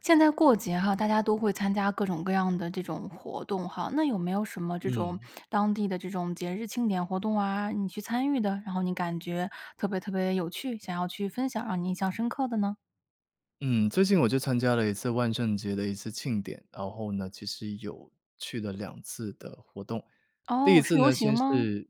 现在过节哈，大家都会参加各种各样的这种活动哈。那有没有什么这种嗯。当地的这种节日庆典活动啊，你去参与的，然后你感觉特别特别有趣，想要去分享，让你印象深刻的呢？嗯，最近我就参加了一次万圣节的一次庆典。然后呢，其实有去了2次的活动。第1哦，是次游呢，行先吗？是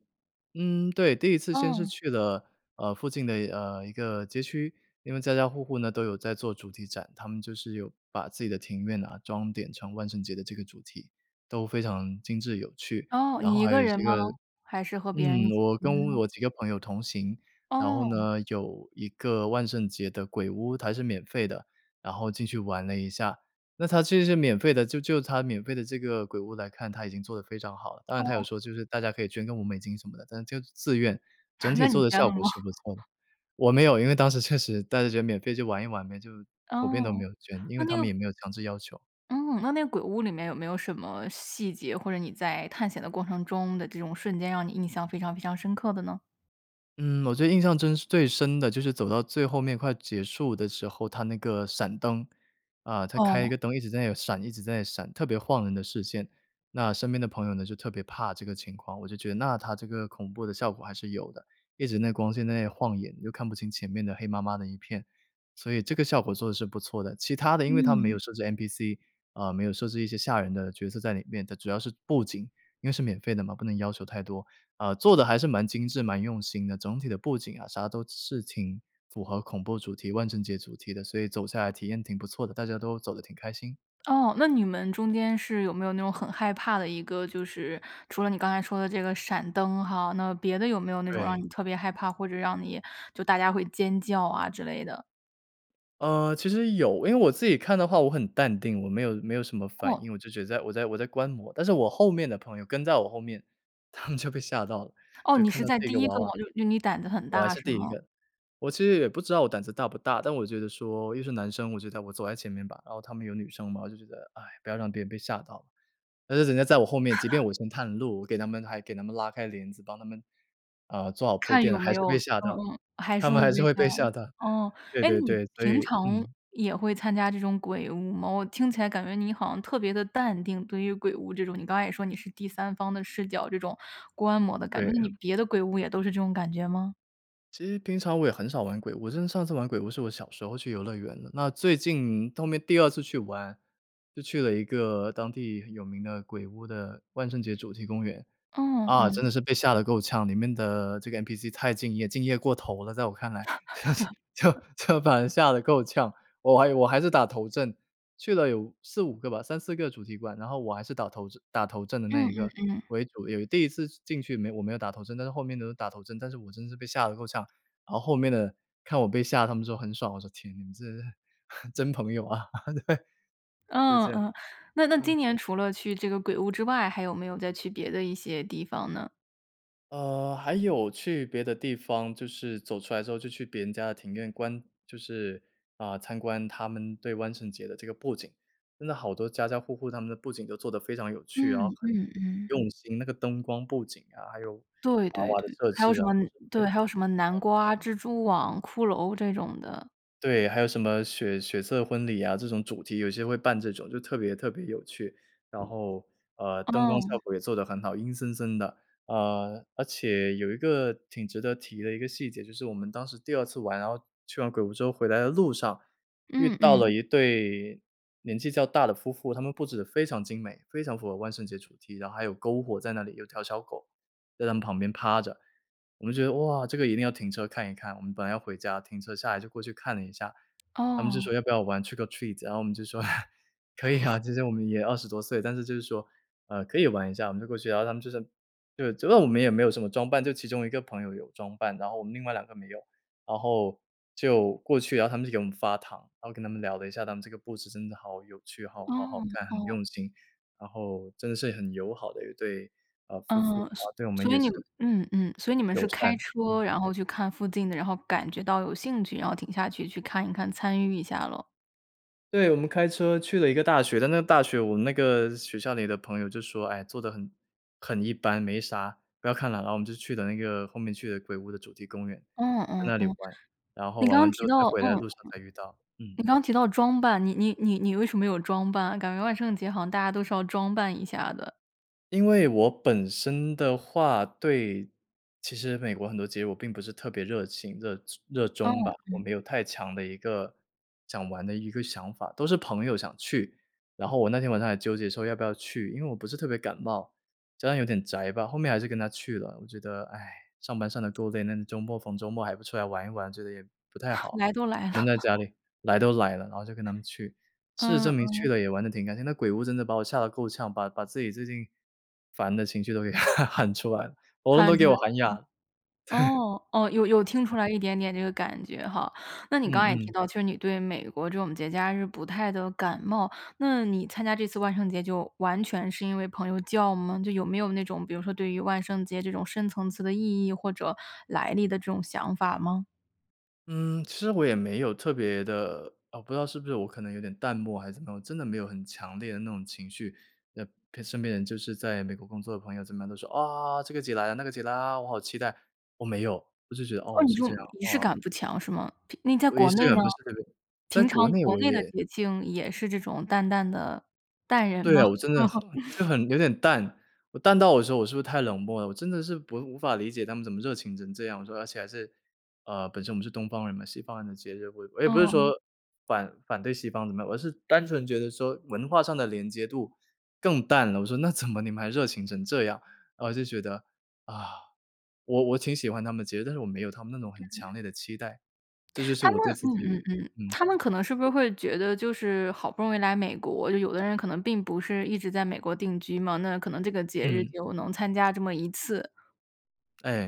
嗯，对，第1次先是哦。去了，呃，附近的，呃，一个街区，因为家家户户呢，都有在做主题展，他们就是有把自己的庭院啊装点成万圣节的这个主题，都非常精致有趣。哦，然后你一还有个一人些吗？个还是和别人嗯，一起我去的跟呢？我几个朋友同行，然后哦。呢，有一个万圣节的鬼屋，它还是免费的，然后进去玩了一下。那它其实是免费的，就就它免费的这个鬼屋来看，它已经做得非常好了，当然它有哦。说就是大家可以捐个5美金什么的，但就自愿，整 体那做你的捐效了果吗？是不错的我没有，因为当时确实大家就免费去玩一玩呗，就普遍都没哦，有捐，因那为那他们个也没有强制要求。嗯，那那个鬼屋里面有没有什么细节，或者你在探险的过程中的这种瞬间让你印象非常非常深刻的呢？嗯，我觉得印象中真最深的，就是走到最后面快结束的时候，它那个闪灯，啊，它开一哦。个灯，一直在那里闪一直在那里闪，特别晃人的视线，那身边的朋友呢，就特别怕这个情况，我就觉得那它这个恐怖的效果还是有的，一直那光线在那晃眼，就看不清前面的黑麻麻的一片。所以这个效果做得是不错的，其他的因为它没有嗯。设置 NPC，啊，没有设置一些吓人的角色在里面，它主要是布景，因为是免费的嘛，不能要求太多，啊，做得还是蛮精致、蛮用心的，总体的布景啊啥都是挺符合恐怖主题万圣节主题的，所以走下来体验挺不错的，大家都走得挺开心。哦，那你们中间是有没有那种很害怕的一个就是除了你刚才说的这个闪灯哈，那别的有没有那种让对。你特别害怕，或者让你就大家会尖叫啊之类的？呃，其实有。因为我自己看的话我很淡定，我没有没有什么反哦。应，我就觉得在我在我在观摩。但是我后面的朋友，跟在我后面，他们就被吓到了，哦，就你看是到在这第个1娃个吗？娃就就你胆子很我还大是是第1吗？个，我其实也不知道我胆子大不大，但我觉得说又是男生，我觉得我走在前面吧，然后他们有女生嘛，我就觉得：“哎，不要让别人被吓到了。”但是人家在我后面，即便 我先探路，我给他们还给他们拉开帘子，帮他们啊，做好铺看垫有了，还没是有被吓嗯到，嗯，还他是们会还是被会吓。被吓到。哦，对哎，对你对，所平以常嗯。也会参加这种鬼屋吗？我听起来感觉你好像特别地淡定，对于鬼屋这种，你刚才也说你是第三方的视角，这种观摩的感觉，那对。你别的鬼屋也都是这种感觉吗？其实平常我也很少玩鬼屋，我真的上次玩鬼屋是我小时候去游乐园呢，那最近后面第2次去玩，就去了一个当地有名的鬼屋的万圣节主题公园。嗯，啊，真嗯。的是被吓得够呛，里面的这个 NPC 太敬业，敬业过头了，在我看来。就是就 就把人吓得够呛，我还有我还是打头阵。去了有4-5个吧，3-4个主题馆，然后我还是打头阵打头阵的那嗯一个嗯嗯。为主，有第1次进去没我没有打头阵，但是后面都是打头阵，但是我真是被吓得够呛。然后后面的看我被吓，他们说很爽，我说：“天，你们真的是 真朋友啊。” 对，就嗯这样，嗯，那那嗯。今年除了去这个鬼屋之外，还有没有再去别的一些地方呢？呃，还有去别的地方，就是走出来之后就去别人家的庭院观就是，啊，参观他们对万圣节的这个布景。真的好多家家户户他们的布景都做得非常有趣，然后嗯很嗯嗯。用心，那个灯光布景啊，还有对娃对娃的对，设还有置什啊么之对，类。还有什么南瓜、蜘蛛网、骷髅这种的。对，还有什么血血色婚礼啊，这种主题有些会办这种，就特别特别有趣。然后，呃，灯光哦。效果也做得很好，阴森森的。呃，而且有一个挺值得提的一个细节，就是我们当时第二次玩，然后去完鬼屋之后回来的路上，遇嗯到了嗯。一对年纪较大的夫妇。他们布置得非常精美，非常符合万圣节主题，然后还有篝火在那里，有条小狗在他们旁边趴着。我们觉得，哇，这个一定要停车看一看，我们本来要回家，停车下来就过去看了一下。他们就说：哦。“要不要玩 trick or treat？” 然后我们就说：“可以啊。” 其实我们也20多岁，但是就是说，呃，可以玩一下，我们就过去。然后他们就是对，主要我们也没有什么装扮，就其中一个朋友有装扮。然后我们另外两个没有，然后就过去，然后他们就给我们发糖，然后跟他们聊了一下，他们这个故事真的好有趣，好好好哦看，很哦。用心。然后真的是很友好的一对，呃，夫妇。嗯，啊，所对我们所也以你是们嗯嗯，所以你们友是善，开嗯。车，然后去看附近的，然后感觉到有兴趣，然后停下去去看一看，参与一下咯？对，我们开车去了一个大学，但那个大学我们那个学校里的朋友就说：“哎，做得很很一般，没啥，不要看了。”然后我们就去的那个后面去的鬼屋的主题公园，嗯在嗯那里嗯。玩，然后你玩刚刚完之提后，在到，回来的嗯路上再遇到，嗯。你刚刚提到装扮，你你你你为什么没有装扮？感觉万圣节好像大家都是要装扮一下的。因为我本身的话，对其实美国很多节日我并不是特别热情、热热哦，衷吧，我嗯。没有太强的一个，想玩的一个想法，都是朋友想去。然后我那天晚上还纠结说要不要去，因为我不是特别感冒，加上有点宅吧，后面还是跟他去了。我觉得，哎，上班上得够累，那周末逢周末还不出来玩一玩，觉得也不太 好，来都来了。闷在家 里。来都来了，然后就跟他们去，事实嗯证明去嗯。了也玩得挺开心，那鬼屋真的把我吓得够呛，把把自己最近，烦的情绪都给 喊出来了，喉咙都喊出给来我喊了。哑了，对。哦哦，有有听出来一点点这个感觉哈。那你刚嗯刚也提嗯。到，就是你对美国这种节假日，不太的感冒，那你参加这次万圣节，就完全是因为朋友叫吗？就有没有那种，比如说对于万圣节这种深层次的意义，或者来历的这种想法吗？嗯，其实我也没有特别的呃，不知道是不是我可能有点淡漠还是怎么样，我真的没有很强烈的那种情绪，呃陪身边的人。就是在美国工作的朋友怎么样都说：“啊！这个节来了，那个节来了。啊！我好期待。”我没有。我就觉得，哦，哦，你是说，这样，仪式啊。感不强，是吗？譬那你在我仪国式内呢？感不是特别在平常国内国我内的也节庆也是这种淡淡的，淡人对吗？啊，我真的很就 很有点淡，我淡到有时候我是不是太冷漠了？我真的是不无法理解他们怎么热情成这样。我说，而且还是，呃，本身我们是东方人嘛，西方人的节日，我我也不是哦。说，反反对西方怎么样，我是单纯觉得说，文化上的连接度更淡了。我说，“那怎么你们还热情成这样？”啊，我就觉得，啊，我我挺喜欢他们的节日，但是我没有他们那种很强嗯。烈的期待。这就是他们我对自嗯嗯己嗯，嗯。他们可能是不是会觉得就是好不容易来美国，就有的人可能并不是一直在美国定居嘛。那可能这个节日嗯。就能参加这么一次。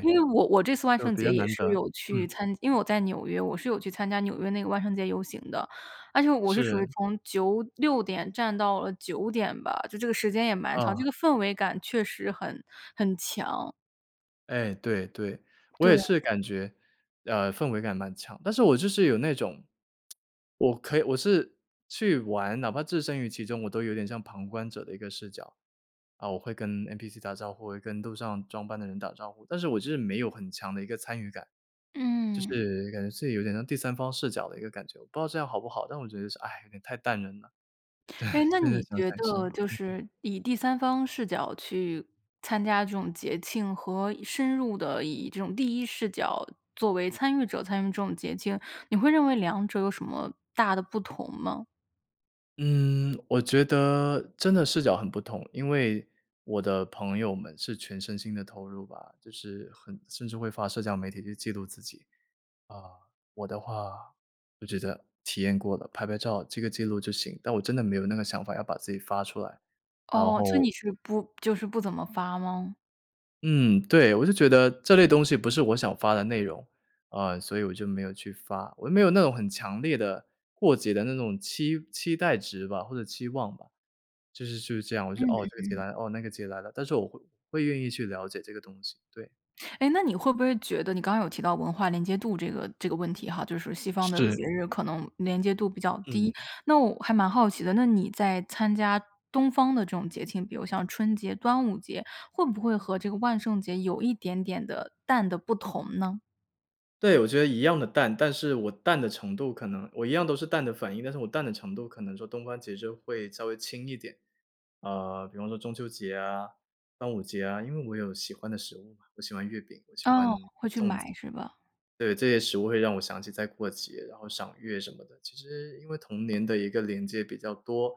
因为我我这次万就圣比节较也难是得，有去嗯。参因为我在纽约，我是有去参加纽约那个万圣节游行的。而且我是属于是。从96点站到了9点吧，就这个时间也蛮长，这哦。个氛围感确实很很强。哎，对对，我也对。是感觉，呃，氛围感蛮强，但是我就是有那种 我可以我是去玩，哪怕置身于其中，我都有点像旁观者的一个视角。啊，我会跟 NPC 打招呼，我会跟路上装扮的人打招呼，但是我就是没有很强的一个参与感。就嗯。是感觉自己有点像第三方视角的一个感觉，我不知道这样好不好，但我觉得是，哎，有点太淡人了。对，哎，那现在你想觉想是。得，就嗯。是以第三方视角去参加这种节庆，和深入地以这种第一视角作为参与者，参与这种节庆，你会认为两者有什么大的不同吗？嗯，我觉得真的视角很不同。因为我的朋友们是全身心地投入吧，就是很甚至会发社交媒体去记录自己。啊，我的话，就觉得体验过了，拍拍照记个记录就行，但我真的没有那个想法，要把自己发出来，然哦，所以后你是不就是不怎么发吗？嗯，对，我就觉得这类东西不是我想发的内容，啊，所以我就没有去发。我又没有那种很强烈的，过节的那种期期待值吧，或者期望吧，就是就是这样。我说，嗯嗯“哦，这个节嗯。来了。哦，那个节来了。”但是我会会愿意去了解这个东西，对。哎，那你会不会觉得你刚刚有提到文化连接度这个这个问题哈，就是西方的是。节日可能连接度比较低。嗯。那我还蛮好奇的，那你在参加东方的这种节庆，比如像春节、端午节，会不会和这个万圣节有一点点地淡得不同呢？对，我觉得一样地淡，但是我淡的程度可能我一样都是淡的反应，但是我淡的程度可能说东方节日会稍微轻一点。呃，比方说中秋节啊、端午节啊，因为我有喜欢的食物嘛，我喜欢月饼，我喜欢哦，粽子。会去买，是吧？对，这些食物会让我想起在过节，然后赏月什么的。其实因为童年的一个连接比较多，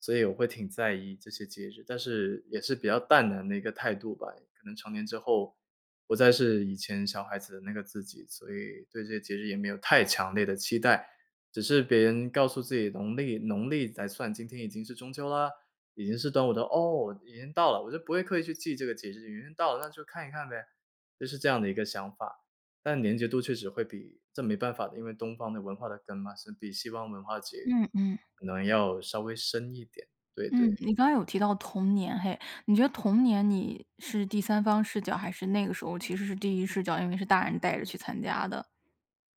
所以我会挺在意这些节日。但是也是比较淡然的一个态度吧，可能成年之后，不再是以前小孩子的那个自己，所以，对这些节日也没有太强烈的期待。只是别人告诉自己农历农历来算，今天已经是中秋啦，已经是端午到“哦，已经到了！”我就不会刻意去记这个节日，已经到了，那就看一看呗。就是这样的一个想法，但连结度确实会比这没办法的，因为东方的文化的根嘛，是比西方文化其实嗯嗯。可能要稍微深一点，对嗯，对。你刚刚有提到童年嘿。你觉得童年你是第三方视角，还是那个时候其实是第一视角？因为是大人带着去参加的。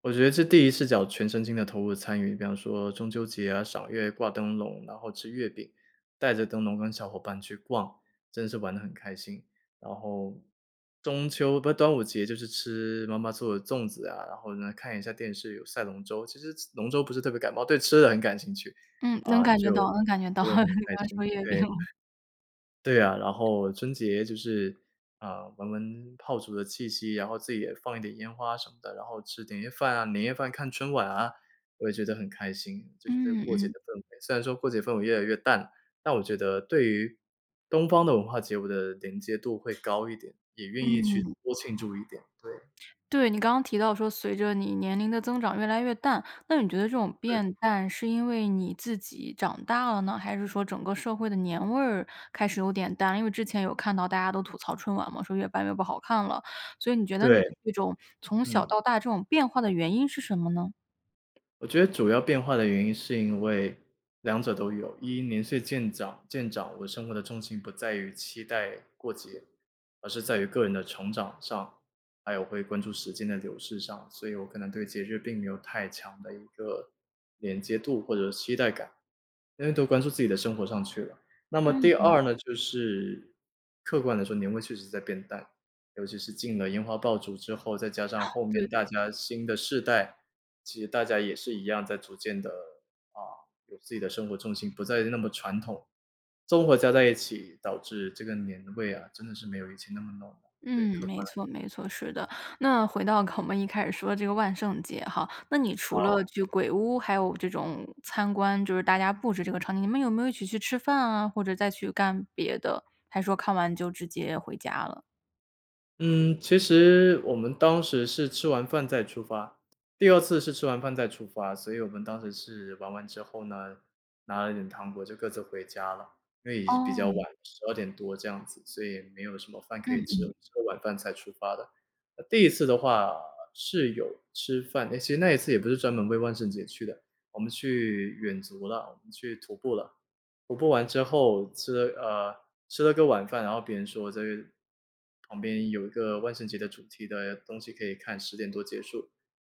我觉得是第一次视角全身心地投入参与，比方说中秋节啊，赏月，挂灯笼，然后吃月饼，带着灯笼跟小伙伴去逛，真是玩得很开心。然后中秋不是，端午节就是吃妈妈做的粽子啊，然后呢，看一下电视，有赛龙舟，其实 龙舟不是特别感冒，对吃的很感兴趣，嗯，啊，能感觉就到能感觉到，会你很开刚刚说心，月饼。对，对啊，然后春节就是，啊，闻闻炮竹的气息，然后自己也放一点烟花什么的，然后吃点夜饭啊年夜饭，看春晚啊，我也觉得很开心，就是这个嗯过节的嗯。氛围。虽然说过节氛围越来越淡，但我觉得对于东方的文化节，我的连接度会高一点，也愿意去嗯。多庆祝一点。对。对，你刚刚提到说随着你年龄的增长越来越淡，那你觉得这种对。变淡是因为你自己长大了呢，还是说整个社会的年味儿开始有点淡？因为之前有看到大家都吐槽春晚嘛，说越办越不好看了，所以你觉得对，你这种从小嗯。到大这种变化的原因是什么呢？我觉得主要变化的原因是因为两者都有。一，年岁渐长渐长，我生活的重心不在于期待过节，而是在于个人的成长上，还有会关注时间的流逝上，所以我可能对节日并没有太强的一个连接度或者期待感，因为都关注自己的生活上去了。那么嗯第嗯。二呢就是，客观地说，年味确实在变淡，尤其是禁了烟花爆竹之后，再加上 后对面对大对。家新的世代其实大家也是一样，在逐渐地，啊，有自己的生活重心，不再那么传统，综合加在一起，导致这个年味啊，真的是没有以前那么浓。对，嗯，客没观来说。错没错，是的，那回到 我们一开始说这个万圣节哈。那你除了好。去鬼屋，还有这种参观，就是大家布置这个场景，你们有没有一起去吃饭啊？或者再去干别的？还说看完就直接回家了？嗯，其实我们当时是吃完饭再出发第2次是吃完饭再出发，所以我们当时是玩完之后呢，拿了一点糖果就各自回家了，因为也是比较晚，哦。12点多这样子，所以没有什么饭可嗯以吃了，嗯。吃完晚饭才出发的。第1次的话，是有吃饭，诶其实那一次也不是专门为万圣节去的，我们去远足了，我们去徒步了。徒步完之后吃了呃，吃了个晚饭，然后别人说这个旁边有一个万圣节的主题的东西可以看，10点多结束。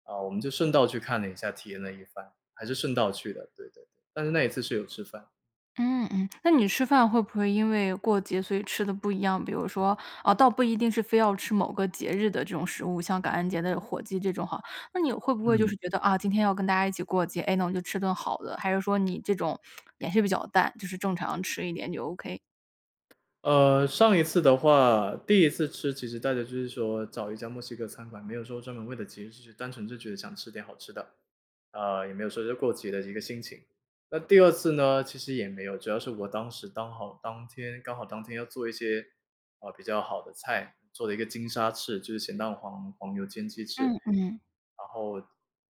啊，我们就顺道去看了一下，体验了一番，还是顺道去的，对对对，但是那一次是有吃饭。嗯嗯，那你吃饭会不会因为过节所以吃得不一样？比如说倒不一定是非要吃某个节日的这种食物，像感恩节的火鸡这种哈，那你会不会就嗯。是觉得，啊，今天要跟大家一起过节，哎，那我就吃顿好的。还是说你这种 也是比较淡，就是正常吃一点就 OK？呃上一次的话，第1次吃，其实大家就是说找一家墨西哥餐馆，没有说专门为了节日去，单纯就觉得想吃点好吃的。啊，也没有说是过节的一个心情。那第2次呢，其实也没有，主要是我当时刚好当天刚好当天要做一些，啊，比较好的菜，做了一个金沙翅，就是咸蛋黄黄油煎鸡翅，嗯嗯。然后，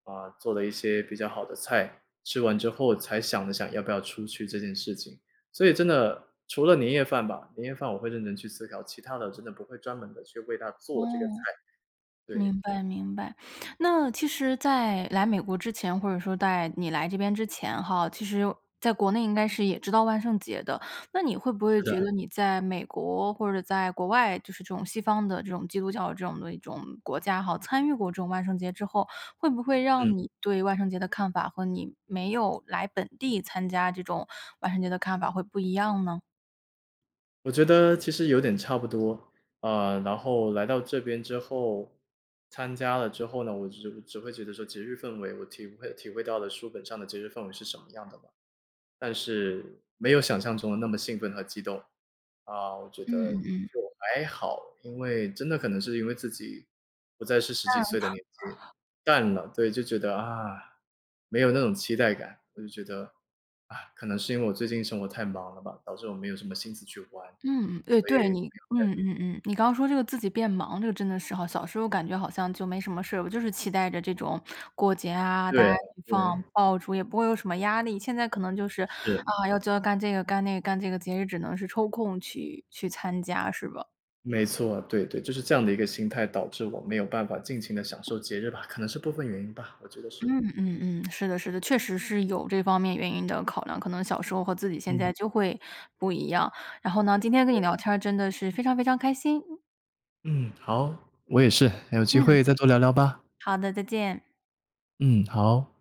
呃，做了一些比较好的菜，吃完之后才想了想要不要出去这件事情。所以真的除了年夜饭吧，年夜饭我会认真去思考，其它的真的不会专门地去为它哦，做这个菜。对。明白明白。那其实在来美国之前，或者说在你来这边之前哈，其实在国内应该是也知道万圣节的，那你会不会是觉的。得你在美国或者在国外，就是这种西方的这种基督教这种的一种国家哈，参与过这种万圣节之后，会不会嗯。让你对万圣节的看法和你没有来本地参加这种万圣节的看法会不一样呢？我觉得其实有点差不多，呃，然后来到这边之后参加了之后呢，我只只会觉得说节日氛围，我体会体会到的书本上的节日氛围是什么样的吧，但是没有想像中的那么兴奋和激动。啊，我觉嗯得嗯嗯。就还好，因为真的可能是因为自己不再是十几淡岁的年纪。了。淡了，对，就觉得，啊，没有那种期待感。我就觉得，啊，可能是因为我最近生活太忙了吧，导致我没有什么心思去玩。嗯。哎，所以对，没有你太多嗯嗯嗯，你刚说这个自己变忙，这个真的是吼，小时候感觉好像就没什么事儿，我就是期待着这种过节啊，大对家一起放对。爆竹，也不会有什么压力。现在可能就是，是。啊，要这干这个、干那个、干这个，节日只能是抽空去去参加，是吧？没错，对对，就是这样的一个心态导致我没有办法尽情地享受节日吧，可能是部分原因吧，我觉得是。嗯嗯嗯，是的是的，确实是有这方面原因的考量，可能小时候和自己现嗯。在就会不一样。然后呢，今天跟你对。聊天儿真的是非常非常开心。嗯，好。我也是，有机嗯。会再多聊聊吧。好的，再见。嗯，好。